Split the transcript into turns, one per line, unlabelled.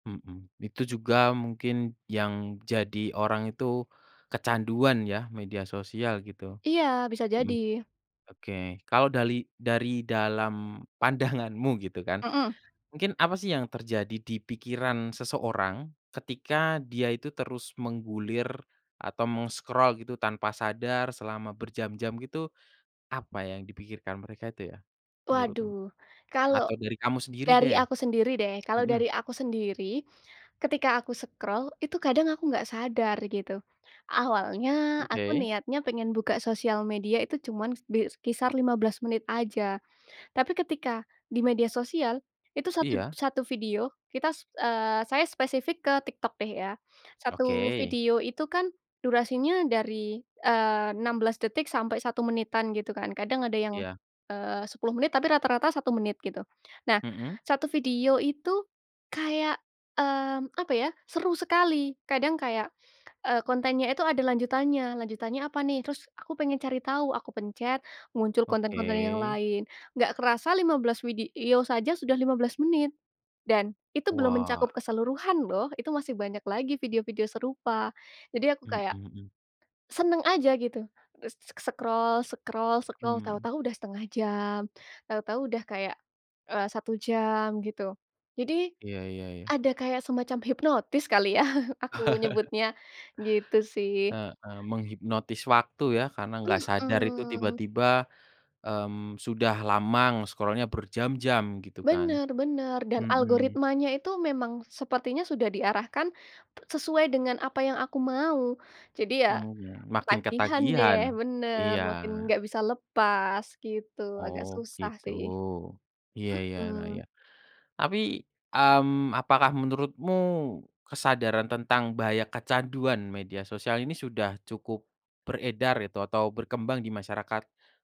Mhm, itu juga mungkin yang jadi orang itu, kecanduan ya media sosial gitu.
Iya, bisa
Mhm.
jadi.
Oke, kalau dali dari dalam pandanganmu gitu kan,
Mhm.
mungkin apa sih yang terjadi di pikiran seseorang, ketika dia itu terus menggulir atau meng-scroll gitu tanpa sadar selama berjam-jam gitu, apa yang dipikirkan mereka itu ya, menurutmu?
Waduh, kalau
Atau dari kamu sendiri
dari
deh?
aku sendiri deh, kalau
Mhm.
dari aku sendiri ketika aku scroll itu kadang aku enggak sadar gitu. Awalnya aku
Oke.
niatnya pengen buka sosial media itu cuman bi kisar 15 menit aja. Tapi ketika di media sosial itu satu
Iya.
satu video kita se eee, saya spesifik ke TikTok deh ya, 1
Oke.
video itu kan durasinya dari, eee, 16 detik sampai 1 menitan gitu kan, kadang ada yang,
Iya.
eee, 10 menit tapi rata-rata 1 menit gitu. Nah,
Mhm.
1 video itu, kayak, eee, apa ya, seru sekali, kadang kayak, eee, kontennya itu ada lanjutannya, lanjutannya apa nih, terus aku pengen cari tahu, aku pencet muncul konten-konten yang
Oke.
lain, enggak kerasa 15 video saja sudah 15 menit dan itu belum mencakup
Wah.
keseluruhan loh, itu masih banyak lagi video-video serupa. Jadi aku
Mhm
kayak
mhm.
seneng aja gitu, e s s scroll scroll scroll
Mmm.
tahu-tahu udah 1/2 jam, tahu-tahu udah kayak, eee, 1 jam gitu. Jadi
Iya iya iya.
ada kayak semacam hipnotis kali ya, aku nyebutnya, gitu sih.
Heeh, menghipnotis waktu ya, karena enggak sadar itu
Mhm.
tiba-tiba, mmm, sudah lama nge-scroll-nya, berjam-jam gitu kan.
Bener bener, dan
Mhm.
algoritmanya itu memang sepertinya sudah diarahkan p sesuai dengan apa yang aku mau. Jadi ya
Mhm, makin
ketagihan deh
ketagihan.
bener,
Iya.
makin enggak bisa lepas gitu, agak
Oh,
susah
gitu.
sih.
Iya iya, nah,
Mhm.
iya. Tapi, mmm, apakah menurutmu kesadaran tentang bahaya kecanduan media sosial ini sudah cukup beredar itu atau berkembang di masyarakat?